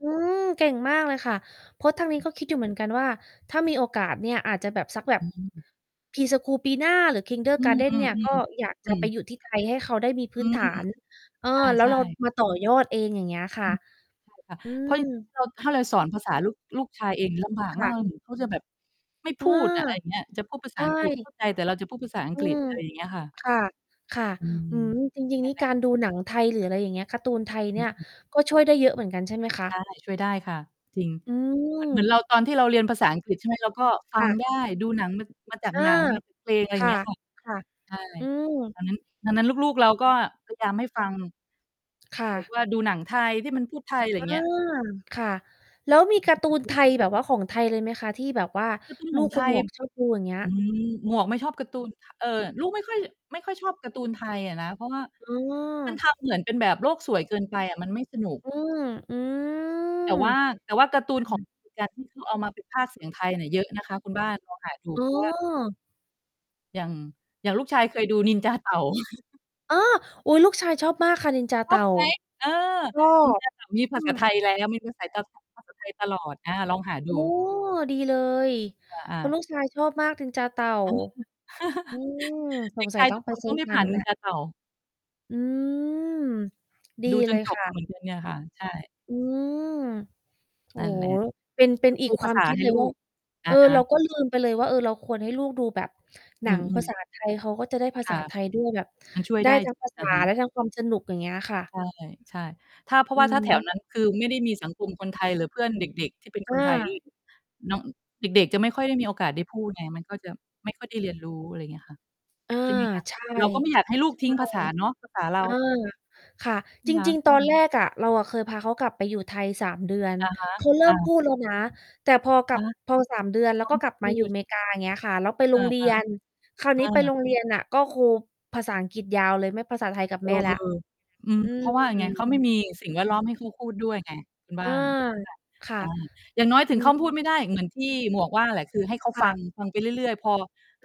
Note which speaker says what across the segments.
Speaker 1: อืม เก่งมากเลยค่ะ เพราะทางนี้ก็คิดอยู่เหมือนกันว่า ถ้ามีโอกาสเนี่ยอาจจะแบบสักแบ
Speaker 2: อ
Speaker 1: บ
Speaker 2: ืม
Speaker 1: Pre-school ปีหน้า หรือ
Speaker 2: อื
Speaker 1: kindergarten เ
Speaker 2: อ
Speaker 1: นี่ย ก็
Speaker 2: ๆ
Speaker 1: อยาก
Speaker 2: ๆ อ
Speaker 1: จ
Speaker 2: ื
Speaker 1: ะไป
Speaker 2: อ
Speaker 1: อยู่ที่ไทย ให้เขาได้มีพ
Speaker 2: อ
Speaker 1: ื
Speaker 2: ื
Speaker 1: ้น
Speaker 2: ม
Speaker 1: ฐาน เออ
Speaker 2: ใ
Speaker 1: แล้
Speaker 2: ช
Speaker 1: ว
Speaker 2: ่
Speaker 1: เรา
Speaker 2: ๆ
Speaker 1: มาต่อยอดเอง อย่างเงี้ยค่
Speaker 2: อ
Speaker 1: ะ
Speaker 2: ือ ฮึ ใช่ ค่ะ
Speaker 1: อื
Speaker 2: เพราะ
Speaker 1: ม
Speaker 2: เรา ถ้าเราสอนภาษาลูก ลูกชายเอง ลำบาก
Speaker 1: ค
Speaker 2: ม
Speaker 1: ่
Speaker 2: าก
Speaker 1: ะ
Speaker 2: เหมือน เขาจะแบบ ไม่
Speaker 1: อ
Speaker 2: พ
Speaker 1: า
Speaker 2: ูดอะ อะไรอย่างเงี้ย จะพูดภา
Speaker 1: ใช
Speaker 2: ษาอังกฤษ เข
Speaker 1: ่
Speaker 2: ้าใจ แต่เราจะพูดภาษาอัง
Speaker 1: อื
Speaker 2: กฤษ
Speaker 1: ม
Speaker 2: อะไรอย่างเงี้ยค่ะ
Speaker 1: ค่ะ ค่ะ
Speaker 2: อื
Speaker 1: อ
Speaker 2: ม
Speaker 1: ืม จริง
Speaker 2: ง
Speaker 1: ๆ
Speaker 2: ั
Speaker 1: น
Speaker 2: ้
Speaker 1: ี
Speaker 2: น
Speaker 1: ่
Speaker 2: แหล
Speaker 1: ก
Speaker 2: ะ
Speaker 1: ารดูหนังไทยหรือ อะไรอย่างเงี้ย การ์ตูนไทยเ
Speaker 2: อ
Speaker 1: นี
Speaker 2: ื
Speaker 1: ่
Speaker 2: อ
Speaker 1: ย
Speaker 2: ฮึ
Speaker 1: ก็ช่วยได้เยอะเหมือนกัน ใช่ไหมคะ?
Speaker 2: ใช่ ช่วยได้ค่ะ
Speaker 1: อื
Speaker 2: จริง เหมือน เหมือ
Speaker 1: ม
Speaker 2: นเราตอนที่เราเรียนภาษาอังกฤษ ใช่ไหม เราก็ฟ
Speaker 1: ค
Speaker 2: ั
Speaker 1: ่
Speaker 2: ง
Speaker 1: ะ
Speaker 2: ได้ ดูหนังมา มาจาก
Speaker 1: เออ
Speaker 2: หนัง มาจาก เพลง อะไร
Speaker 1: ค
Speaker 2: อย่า
Speaker 1: ่
Speaker 2: ง
Speaker 1: ะ
Speaker 2: เงี้ยค่ะ
Speaker 1: ค่ะ
Speaker 2: ใช่
Speaker 1: อืม
Speaker 2: ดังนั้น ดังนั้นลูก ๆ เราก็พยายามให้ฟัง
Speaker 1: ค่
Speaker 2: หรือ
Speaker 1: ะ
Speaker 2: ว่าดูหนังไทยที่มันพูดไทย ไรอ
Speaker 1: อ
Speaker 2: ย่
Speaker 1: า
Speaker 2: างเงี้ย
Speaker 1: ค่ะ แล้วมีการ์ตูนไทย แบบว่าของไทยเลยไหมคะ? ที่แบบว่า
Speaker 2: การ์ตูน
Speaker 1: ล
Speaker 2: ข
Speaker 1: ู
Speaker 2: อง
Speaker 1: ก
Speaker 2: ไ
Speaker 1: ค
Speaker 2: ท
Speaker 1: นห
Speaker 2: ย
Speaker 1: มวก ชอบ ดู อย่างเงี้ย
Speaker 2: อืม หมวกไม่ชอบการ์ตูน ท เอ่อ ลูกไม่ค่อย ไม่ค่อยชอบการ์ตูนไทยอะนะ เพราะว่า
Speaker 1: อ๋
Speaker 2: มันท
Speaker 1: อ
Speaker 2: ำเหมือนเป็นแบบโลกสวยเกินไปอะ มันไม่สนุก
Speaker 1: อืม อืม
Speaker 2: แต่ว่า
Speaker 1: ค
Speaker 2: แต่ว่าการ์ตูน ข
Speaker 1: ่
Speaker 2: อง
Speaker 1: ะ
Speaker 2: อเมริกาที่เขาเอามาเป็นพากย์ เสียงไทยเนี่ย เยอะนะคะคุณบ้าน ลอง หาดู
Speaker 1: อ๋
Speaker 2: เพราะว่า
Speaker 1: อ
Speaker 2: อย่าง อย่างลูกชายเคยดูนินจาเต่า
Speaker 1: อ๋อ! อุ๊ย ลูกชายชอบมากค่ะ นินจา
Speaker 2: ช
Speaker 1: เต
Speaker 2: อ
Speaker 1: ่
Speaker 2: บ
Speaker 1: า
Speaker 2: ไหม? เออ
Speaker 1: รอ
Speaker 2: นิน
Speaker 1: บ
Speaker 2: จาเต่า มีภ
Speaker 1: อื
Speaker 2: าษา
Speaker 1: ม
Speaker 2: ไทยแล้ว มีภาษา ต ภาษาไทยตลอด อา ลองหา
Speaker 1: โอ
Speaker 2: ด
Speaker 1: ้
Speaker 2: ู
Speaker 1: ดีเลย
Speaker 2: อ
Speaker 1: เพ
Speaker 2: า
Speaker 1: ราะล
Speaker 2: ๆ
Speaker 1: ูกชายชอบมาก นินจาเต่า
Speaker 2: อันเนี้ยคือ
Speaker 1: อืม ส
Speaker 2: เด็
Speaker 1: ง
Speaker 2: ก
Speaker 1: สั
Speaker 2: ช
Speaker 1: ย
Speaker 2: าย
Speaker 1: ต้อ
Speaker 2: ทุ
Speaker 1: ง
Speaker 2: ก
Speaker 1: ไป
Speaker 2: คน
Speaker 1: ซื
Speaker 2: ต
Speaker 1: ้
Speaker 2: ้
Speaker 1: อ
Speaker 2: องได้
Speaker 1: มา
Speaker 2: ผ่า
Speaker 1: ดู
Speaker 2: นน
Speaker 1: แ
Speaker 2: ิ
Speaker 1: ล้
Speaker 2: น
Speaker 1: ว
Speaker 2: จาเต่า
Speaker 1: อืม ดี
Speaker 2: ดูจ
Speaker 1: เล
Speaker 2: น
Speaker 1: ย
Speaker 2: จ
Speaker 1: ค
Speaker 2: บ
Speaker 1: ่
Speaker 2: มาเ
Speaker 1: ะ
Speaker 2: หมือนกัน เนี่ยค่ะ ใช่
Speaker 1: อืม โอ้
Speaker 2: นั่น
Speaker 1: โ
Speaker 2: แ
Speaker 1: ฮ
Speaker 2: หละ
Speaker 1: เป็น เป็
Speaker 2: ด
Speaker 1: นอี
Speaker 2: ด
Speaker 1: ก
Speaker 2: ู
Speaker 1: ค
Speaker 2: ภ
Speaker 1: ว
Speaker 2: า
Speaker 1: า
Speaker 2: ษ
Speaker 1: ม
Speaker 2: า
Speaker 1: คิ
Speaker 2: ใ
Speaker 1: ด
Speaker 2: ห้
Speaker 1: เลย
Speaker 2: ล
Speaker 1: ว
Speaker 2: ู
Speaker 1: ่า
Speaker 2: ก อ
Speaker 1: เอ
Speaker 2: ะ
Speaker 1: อ
Speaker 2: ฮ
Speaker 1: เรา
Speaker 2: ะ
Speaker 1: ก็ลืมไปเลยว่า เออ เราควรให้ลูกดูแบบหน
Speaker 2: อื
Speaker 1: ังภา
Speaker 2: ม ๆ
Speaker 1: ษา ไทย เขาก็จะได้ภา
Speaker 2: ค
Speaker 1: ษา
Speaker 2: ่ะ
Speaker 1: ไทยด้วย แบบ
Speaker 2: มันช่วย
Speaker 1: ได้
Speaker 2: ได้
Speaker 1: ทั้
Speaker 2: จ
Speaker 1: งภาษ
Speaker 2: อ
Speaker 1: า
Speaker 2: ะฮ
Speaker 1: ไ
Speaker 2: ะ
Speaker 1: ด้ทั้งความสนุก อย่างเงี้ยค่ะ
Speaker 2: ใช่ ใช่ ถ้า เพราะ
Speaker 1: อื
Speaker 2: ว่า
Speaker 1: อ
Speaker 2: ถ้า
Speaker 1: ฮ
Speaker 2: แถว
Speaker 1: ึ
Speaker 2: นั้น คือไม่ได้มีสังคมคนไทยหรือเพื่อนเด็ก ๆ ที่เป็นค
Speaker 1: อ
Speaker 2: นไทยด้ว
Speaker 1: า
Speaker 2: ย น้อง เด็ก ๆ จะไม่ค่อยได้มีโอกาสได้พูดไง มันก็จะไม่ค่อยได้เรียนรู้ อะไรอย่างเงี้ยค่ะ
Speaker 1: อา
Speaker 2: ใช่ไหมคะ
Speaker 1: ใช่
Speaker 2: เราก็ไม่
Speaker 1: ใ
Speaker 2: อยา
Speaker 1: ช
Speaker 2: กให้ลูกทิ้งภา
Speaker 1: ่
Speaker 2: ษาเนาะ ภาษาเร
Speaker 1: เออ
Speaker 2: า
Speaker 1: ค่ะ จริง ๆ ตอน แรกอะ เราอะเคยพาเขากลับไปอยู่ไทย 3 เดือน
Speaker 2: อะฮะ
Speaker 1: เขาเริ่
Speaker 2: อ
Speaker 1: ม
Speaker 2: า
Speaker 1: พูดแล้วนะ แต่พอกล
Speaker 2: อ
Speaker 1: ั
Speaker 2: ะ
Speaker 1: บ
Speaker 2: ฮะ
Speaker 1: พอ 3 เดือน แ
Speaker 2: เ
Speaker 1: ล
Speaker 2: ข
Speaker 1: ้ว
Speaker 2: า
Speaker 1: ก็
Speaker 2: ไม่
Speaker 1: กลับ
Speaker 2: พ
Speaker 1: มา
Speaker 2: ู
Speaker 1: อยู่
Speaker 2: ด
Speaker 1: เม
Speaker 2: น
Speaker 1: ก
Speaker 2: ะ
Speaker 1: า อย่างเงี้ยค่ะ แล้วไป
Speaker 2: เอ
Speaker 1: โร
Speaker 2: อ
Speaker 1: งเรียน คราว
Speaker 2: ๆ เอ
Speaker 1: นี้ไปโ
Speaker 2: อ
Speaker 1: รงเรียนน่ะ ก็ครูภาษาอังกฤษยาวเลย ไม่ภาษาไทยกับ
Speaker 2: เอ
Speaker 1: แม
Speaker 2: อ
Speaker 1: ่แล้ว
Speaker 2: อืม
Speaker 1: อื
Speaker 2: เพราะว่าไง เข
Speaker 1: ม
Speaker 2: าไม่มีสิ่งแวดล้อมให้เขาพูดด้วยไงคุณบ
Speaker 1: อ
Speaker 2: ้
Speaker 1: า
Speaker 2: าน ใช่ไหมล่ะ
Speaker 1: ค่ะ
Speaker 2: อา อย่างน้อยถึ
Speaker 1: อื
Speaker 2: งเขา
Speaker 1: ม
Speaker 2: พูดไม่ได้ เหมือนที่หมวกว่าแหละ คือให้เขา
Speaker 1: ค
Speaker 2: ฟั
Speaker 1: ่
Speaker 2: ง
Speaker 1: ะ
Speaker 2: ฟังไปเรื่อย ๆ พอ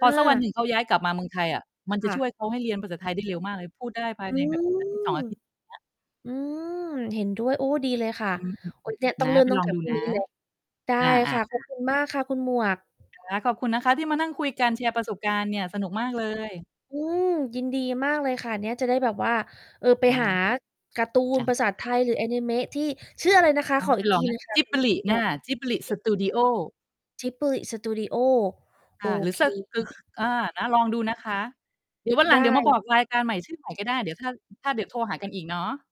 Speaker 2: พอสักวันห
Speaker 1: า
Speaker 2: นึ่งเขาย้ายกลับมาเมืองไทยอะ มันจ
Speaker 1: ค
Speaker 2: ะ
Speaker 1: ่
Speaker 2: ช
Speaker 1: ะ
Speaker 2: ่วยเขาให้เรียนภาษาไทยได้เร็วมากเลย พูดได้ภา
Speaker 1: อ
Speaker 2: ย
Speaker 1: ื
Speaker 2: ในแบบ
Speaker 1: ม
Speaker 2: อาทิตย์ 2 อาทิตย์ เงี้ย
Speaker 1: อืม เห็นด้วย โอ้ ดีเลยค่ะ
Speaker 2: อืม
Speaker 1: โอ้ เนี่ยต้
Speaker 2: น
Speaker 1: อง
Speaker 2: ะ
Speaker 1: เริ่
Speaker 2: ไ
Speaker 1: ม
Speaker 2: ป
Speaker 1: ตั้
Speaker 2: ล
Speaker 1: ง
Speaker 2: อ
Speaker 1: แ
Speaker 2: ง
Speaker 1: ต่
Speaker 2: ดู
Speaker 1: พรุ่ง
Speaker 2: นะ
Speaker 1: นี้เลย ได้
Speaker 2: อ
Speaker 1: ค
Speaker 2: า
Speaker 1: ่ะ ขอ
Speaker 2: ๆ
Speaker 1: บ
Speaker 2: ๆ
Speaker 1: คุณ มากค่ะคุณหมวก
Speaker 2: ค่ะ ขอบคุณนะคะที่มานั่งคุยกัน แชร์ประสบการณ์เนี่ย สนุกมากเลย
Speaker 1: อืม ยินดีมากเลยค่ะ เนี่ยจะได้แบบว่า เออ ไป
Speaker 2: นะค
Speaker 1: หา
Speaker 2: ะ
Speaker 1: การ์ตูน
Speaker 2: อะ
Speaker 1: ภาษาไท
Speaker 2: อา ๆ
Speaker 1: ยหรืออานิเมะที่ ชื่ออะไรนะคะ?
Speaker 2: นะ
Speaker 1: ขอ
Speaker 2: ไป
Speaker 1: อีก
Speaker 2: ล
Speaker 1: ท
Speaker 2: อ
Speaker 1: ี
Speaker 2: งน
Speaker 1: หนึ
Speaker 2: ะ
Speaker 1: ่งค่ะ คุณ ค
Speaker 2: Ghibli
Speaker 1: ุณหม
Speaker 2: อ
Speaker 1: ว
Speaker 2: า
Speaker 1: ก
Speaker 2: Ghibli
Speaker 1: จิบ
Speaker 2: Studio
Speaker 1: Ghibli Studio โ
Speaker 2: อ
Speaker 1: อ
Speaker 2: า หรือ
Speaker 1: เ
Speaker 2: สะ คื
Speaker 1: ค
Speaker 2: อ อา นะ ลองดูนะคะ เดี๋ยววัน
Speaker 1: ไ
Speaker 2: หลั
Speaker 1: ด
Speaker 2: ง เดี๋ย
Speaker 1: ้
Speaker 2: วมาบอกรายการใหม่ ชื่อใหม่ ก็ได้ เดี๋ยวถ้า ถ้า เดี๋ยวโทรหากันอีกเนาะ